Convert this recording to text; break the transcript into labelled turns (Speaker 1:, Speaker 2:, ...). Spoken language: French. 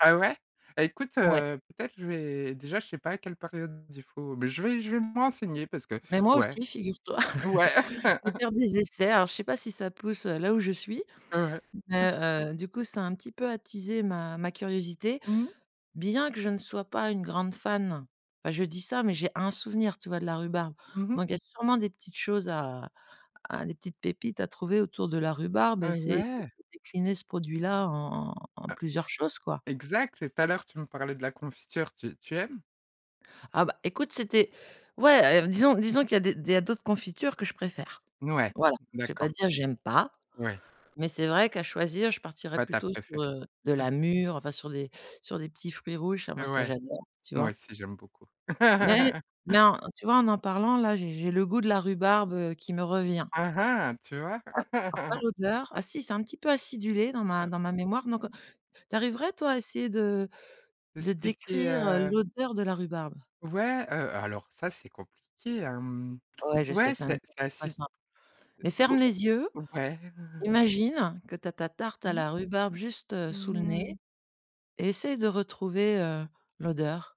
Speaker 1: Ah ouais? Bah, écoute,
Speaker 2: Ouais.
Speaker 1: heu, peut-être je vais déjà je sais pas à quelle période il faut, mais je vais je vais me renseigner parce que
Speaker 2: Mais moi
Speaker 1: ouais.
Speaker 2: aussi, figure-toi.
Speaker 1: Mmh. Ouais.
Speaker 2: Je vais faire des essais. Alors, je sais pas si ça pousse, heu, là où je suis,
Speaker 1: Ouais, ouais. Mmh.
Speaker 2: mais heu, du coup, ça a un petit peu attisé ma ma curiosité.
Speaker 1: Mmh.
Speaker 2: Bien que je ne sois pas une grande fan. Ah je dis ça, mais j'ai un souvenir, tu vois de la rhubarbe?
Speaker 1: Mmh mh.
Speaker 2: Donc il y a sûrement des petites choses à à des petites pépites à trouver autour de la rhubarbe, et
Speaker 1: Heu,
Speaker 2: c'est
Speaker 1: ouais.
Speaker 2: décliné ce produit-là en en en
Speaker 1: Ah
Speaker 2: plusieurs choses, quoi.
Speaker 1: Exact, et tout à l'heure tu me parlais de la confiture, tu tu aimes?
Speaker 2: Ah, bah, écoute, c'était ouais, heu, disons disons qu'il y a des il y a d'autres confitures que je préfère.
Speaker 1: Mouais,
Speaker 2: Voilà. Je vais
Speaker 1: d'accord.
Speaker 2: pas dire: «J'aime pas»,
Speaker 1: Ouais.
Speaker 2: mais c'est vrai qu'à choisir, je partirais
Speaker 1: Pas ta
Speaker 2: plutôt sur,
Speaker 1: préférée.
Speaker 2: heu, de
Speaker 1: Mmh.
Speaker 2: la mûre, enfin sur des sur des petits fruits rouges, ça moi ça
Speaker 1: Ouais,
Speaker 2: j'adore, tu
Speaker 1: moi
Speaker 2: vois?
Speaker 1: aussi j'aime beaucoup.
Speaker 2: Mais- mais en, tu vois? En parlant, là, j'ai le goût de la rhubarbe, heu, qui me revient
Speaker 1: Hein hein, tu vois?
Speaker 2: alors pas l'odeur. Ah si, c'est un petit peu acidulé dans ma
Speaker 1: Heu
Speaker 2: dans ma mémoire, donc, heu. Tu arriverais, toi, à essayer de de
Speaker 1: Expliquer,
Speaker 2: décrire, heu,
Speaker 1: heu
Speaker 2: l'odeur de la rhubarbe?
Speaker 1: Ouais, heu, alors ça c'est compliqué hem.
Speaker 2: Ouais, je sais,
Speaker 1: Ouais,
Speaker 2: c'est un
Speaker 1: c'est c'est
Speaker 2: exercice pas
Speaker 1: acide
Speaker 2: simple, mais ferme
Speaker 1: au
Speaker 2: les yeux,
Speaker 1: ouais.
Speaker 2: imagine que tu as ta tarte à
Speaker 1: Mmh.
Speaker 2: la rhubarbe juste, heu, sous le
Speaker 1: Mmh
Speaker 2: nez,
Speaker 1: mh.
Speaker 2: et essaye de retrouver, heu, l'odeur.